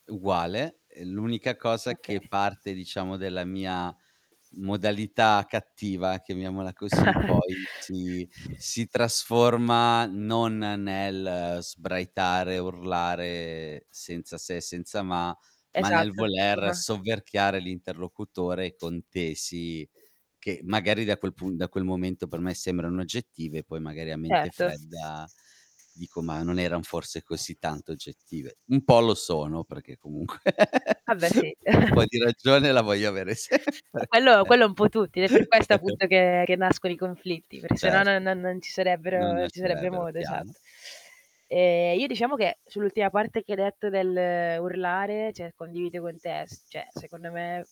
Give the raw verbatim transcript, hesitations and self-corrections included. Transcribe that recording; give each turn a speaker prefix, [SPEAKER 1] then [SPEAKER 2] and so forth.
[SPEAKER 1] Uguale, ehm, l'unica cosa
[SPEAKER 2] Okay.
[SPEAKER 1] che parte diciamo della mia modalità cattiva, chiamiamola così, poi si si trasforma non nel sbraitare, urlare, senza se e senza ma, ma nel
[SPEAKER 2] Esatto.
[SPEAKER 1] voler
[SPEAKER 2] [unintelligible]
[SPEAKER 1] sovverchiare l'interlocutore con tesi che, magari, da quel pun da quel momento per me sembrano oggettive, poi magari a mente
[SPEAKER 2] Erto.
[SPEAKER 1] fredda dico: "Ma non eran forse così tanto oggettive," Un po' lo sono, perché comunque
[SPEAKER 2] Ah beh, sì.
[SPEAKER 1] un po' di ragione la voglio avere sempre.
[SPEAKER 2] Quello quello è un po' tutti. È per questo appunto che che nascono i conflitti, perché se no
[SPEAKER 1] Cert
[SPEAKER 2] non non non ci
[SPEAKER 1] Non
[SPEAKER 2] sarebbero ci sarebbe
[SPEAKER 1] nascerebbero,
[SPEAKER 2] modo.
[SPEAKER 1] chiaro.
[SPEAKER 2] Esatt Ehm, io diciamo che sull'ultima parte che hai detto dell'urlare, ceh condivido con te, s ceh secondo me